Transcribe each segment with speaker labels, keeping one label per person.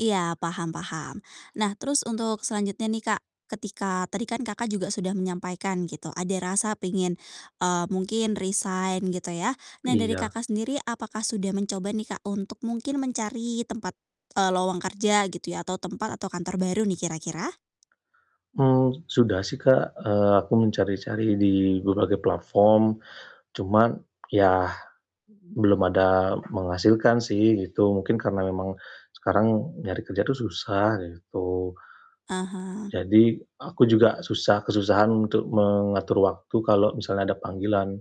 Speaker 1: Iya, paham paham. Nah terus untuk selanjutnya nih, Kak, ketika tadi kan, Kakak, juga sudah menyampaikan gitu ada rasa pengen, eee, mungkin resign gitu ya. Nah dari,
Speaker 2: Iya.
Speaker 1: Kakak, sendiri apakah sudah mencoba nih, Kak, untuk mungkin mencari tempat, eee, lowong kerja gitu ya atau tempat atau kantor baru nih kira-kira?
Speaker 2: Mmm, sudah sih, Kak, eee, aku mencari-cari di berbagai platform, cuman ya belum ada menghasilkan sih gitu. Mungkin karena memang sekarang nyari kerja tuh susah gitu.
Speaker 1: Ah hah.
Speaker 2: Jadi aku juga susah kesusahan untuk mengatur waktu kalau misalnya ada panggilan,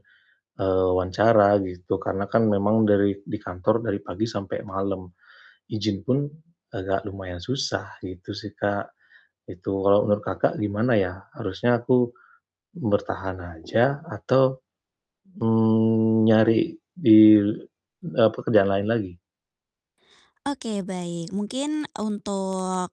Speaker 2: eee, wawancara gitu. Karena kan memang dari di kantor dari pagi sampai malam, izin pun agak lumayan susah gitu sih, Kak. Itu kalau menurut Kakak, gimana ya harusnya aku bertahan aja atau, mmm, nyari di, eee, pekerjaan lain lagi?
Speaker 1: Oke baik, mungkin untuk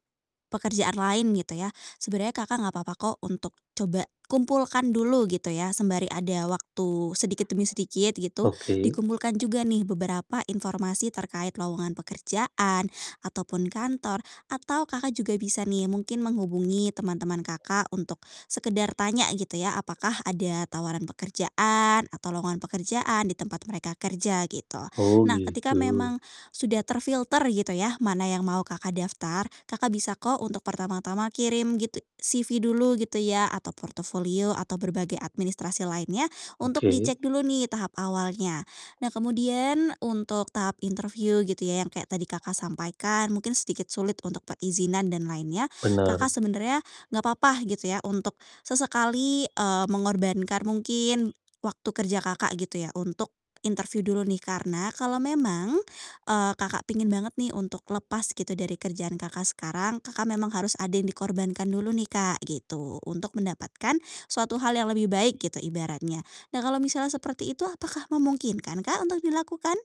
Speaker 1: pekerjaan lain gitu ya sebenarnya Kakak, gak papa kok untuk coba kumpulkan dulu gitu ya sembari ada waktu sedikit demi sedikit gitu,
Speaker 2: Oke.
Speaker 1: dikumpulkan juga nih beberapa informasi terkait lowongan pekerjaan ataupun kantor atau, Kakak juga bisa nih mungkin menghubungi teman-teman, Kakak, untuk sekedar tanya gitu ya, apakah ada tawaran pekerjaan atau lowongan pekerjaan di tempat mereka kerja gitu.
Speaker 2: Oh,
Speaker 1: Nah ketika
Speaker 2: gitu.
Speaker 1: memang sudah terfilter gitu ya mana yang mau Kakak daftar, Kakak bisa kok untuk pertama-tama kirim gitu CV dulu gitu ya atau portofolio atau berbagai administrasi lainnya untuk
Speaker 2: Oke.
Speaker 1: dicek dulu nih tahap awalnya. Nah kemudian untuk tahap interview gitu ya yang kayak tadi Kakak sampaikan, mungkin sedikit sulit untuk perizinan dan lainnya, Kakak
Speaker 2: Bener.
Speaker 1: sebenarnya gak papa gitu ya untuk sesekali, eee, mengorbankan mungkin waktu kerja, Kakak, gitu ya untuk interview dulu nih. Karena kalau memang, eee, Kakak pengin banget nih untuk lepas gitu dari kerjaan Kakak sekarang, Kakak memang harus ada yang dikorbankan dulu nih, Kak, gitu untuk mendapatkan suatu hal yang lebih baik gitu ibaratnya. Nah kalau misalnya seperti itu, apakah memungkinkan, Kak, untuk dilakukan?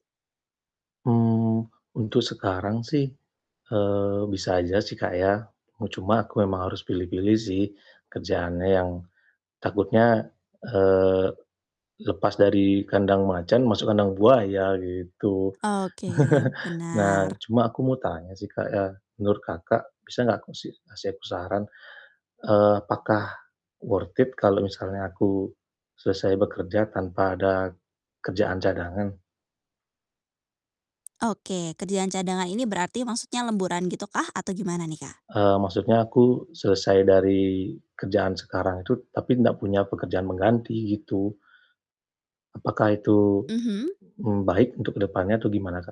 Speaker 2: Mmm, untuk sekarang sih, eee, bisa aja sih, Kak, ya. U cuma aku memang harus pilih-pilih sih kerjaannya yang takutnya, eee, lepas dari kandang macan, masuk kandang buaya gitu.
Speaker 1: Oke,
Speaker 2: Nah
Speaker 1: benar.
Speaker 2: cuma aku mau tanya sih, Kak, ya menurut Kakak, bisa gak aku sih kasih aku saran, eee, apakah worth it kalau misalnya aku selesai bekerja tanpa ada kerjaan cadangan?
Speaker 1: Oke, kerjaan cadangan ini berarti maksudnya lemburan gitu kah atau gimana nih, Kak?
Speaker 2: Eee, maksudnya aku selesai dari kerjaan sekarang itu tapi nggak punya pekerjaan pengganti gitu. Apakah itu,
Speaker 1: Mhm.
Speaker 2: mmm, baik untuk jkedepannya atau gimana, Kak?